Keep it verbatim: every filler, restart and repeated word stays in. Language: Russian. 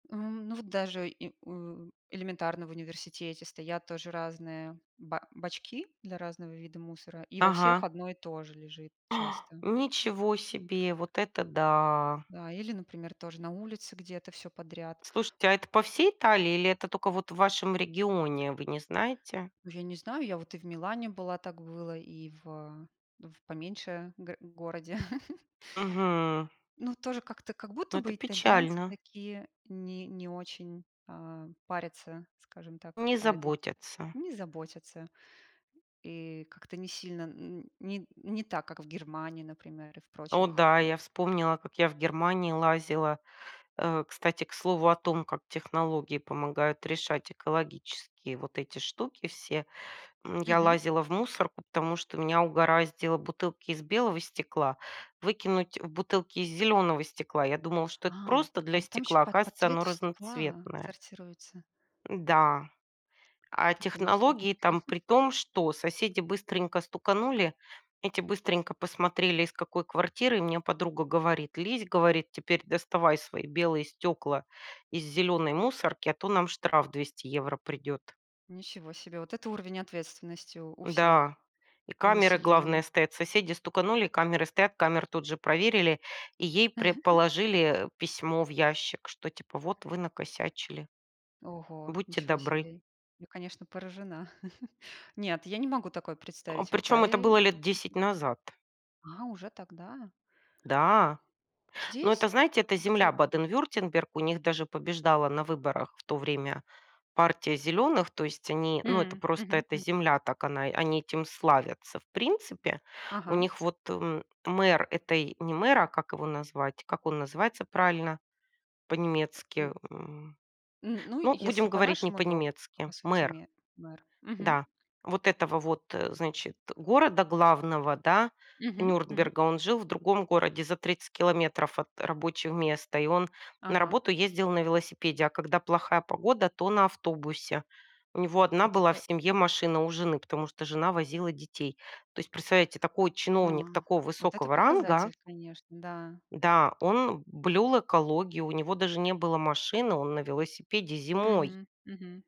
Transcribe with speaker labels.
Speaker 1: Э, м, ну, вот даже и, м, у, элементарно в университете стоят тоже разные, э, ба бачки для разного вида мусора, и во всех
Speaker 2: Ага.
Speaker 1: одно и то же лежит часто.
Speaker 2: Ничего себе, вот это да.
Speaker 1: Да, или, например, тоже на улице где-то всё подряд.
Speaker 2: Слушайте, а это по всей Италии или это только вот в вашем регионе, вы не знаете?
Speaker 1: Ну, я не знаю, я вот и в Милане была, так было, и в, э и в поменьше гор городе.
Speaker 2: Мгм.
Speaker 1: Ну, тоже как-то, как
Speaker 2: Ну,
Speaker 1: будто
Speaker 2: это
Speaker 1: бы итальянцы
Speaker 2: печально.
Speaker 1: такие не не очень, а, парятся, скажем так,
Speaker 2: Не
Speaker 1: по этой те
Speaker 2: заботятся.
Speaker 1: не заботятся. И как-то не сильно, н н не не так, как в Германии, например, и в
Speaker 2: О
Speaker 1: прочих,
Speaker 2: да,
Speaker 1: а
Speaker 2: я вспомнила, как я в Германии лазила, э, кстати, к слову о том, как технологии помогают решать экологические вот эти штуки все. М, я
Speaker 1: Мгм.
Speaker 2: лазила в мусор, потому что меня угораздило бутылки из белого стекла выкинуть в бутылки из зелёного стекла. Я думала, что
Speaker 1: А
Speaker 2: это просто для
Speaker 1: там там ещё
Speaker 2: стекла,
Speaker 1: по по
Speaker 2: оказывается, оно
Speaker 1: цвету стекла
Speaker 2: разноцветное.
Speaker 1: сортируется.
Speaker 2: М-да, а
Speaker 1: Да, конечно.
Speaker 2: технологии там при том, что соседи быстренько стуканули, эти быстренько посмотрели, из какой квартиры. Мне подруга говорит: "Лезь". Говорит: "Теперь доставай свои белые стёкла из зелёной мусорки, а то нам штраф двести евро придёт".
Speaker 1: Ничего себе. Вот это уровень ответственности у у всех,
Speaker 2: Да, и
Speaker 1: у
Speaker 2: камеры, главное,
Speaker 1: населения.
Speaker 2: стоят, соседи стуканули, камеры стоят, камеры тут же проверили, и ей прям положили, э, письмо в ящик, что, типа, вот вы накосячили.
Speaker 1: Ого,
Speaker 2: Будьте
Speaker 1: ничего
Speaker 2: добры.
Speaker 1: себе. Я, конечно, поражена. Нет, я не могу такое
Speaker 2: А
Speaker 1: представить в
Speaker 2: причём это было
Speaker 1: Италии
Speaker 2: лет десять
Speaker 1: и
Speaker 2: назад.
Speaker 1: А, уже тогда.
Speaker 2: Да. Но это,
Speaker 1: Здесь
Speaker 2: знаете, это земля
Speaker 1: как-то
Speaker 2: Баден-Вюртемберг, у них даже побеждала на выборах в то время партия "зелёных", то есть они, ну, это
Speaker 1: М.
Speaker 2: просто
Speaker 1: Мгм.
Speaker 2: эта
Speaker 1: Мгм.
Speaker 2: земля, так она они этим славятся. В принципе, у
Speaker 1: Ага.
Speaker 2: них вот, м, мэр этой, не мэр, а, как его назвать, как он называется правильно
Speaker 1: М.
Speaker 2: по-немецки, м,
Speaker 1: М, ну,
Speaker 2: ну,
Speaker 1: если
Speaker 2: будем говорить не
Speaker 1: по-нашему, то по
Speaker 2: по-немецки-
Speaker 1: сути
Speaker 2: мэр.
Speaker 1: ме мэр. Мгм.
Speaker 2: Да, вот этого вот, э, значит, э, города главного, да,
Speaker 1: Мгм, мгм.
Speaker 2: Нюрнберга, он жил в другом городе за тридцать километров от рабочего места, и он на
Speaker 1: Ага.
Speaker 2: работу ездил на велосипеде, а когда плохая погода, то на автобусе. У него одна
Speaker 1: Вот
Speaker 2: была в
Speaker 1: это
Speaker 2: семье машина у жены, потому что жена возила детей. То есть, представляете, такой
Speaker 1: А,
Speaker 2: чиновник такого
Speaker 1: вот это
Speaker 2: высокого ранга.
Speaker 1: показатель, конечно, да.
Speaker 2: Да, он блюл экологию, у него даже не было машины, он на велосипеде зимой.
Speaker 1: Мгм, мгм.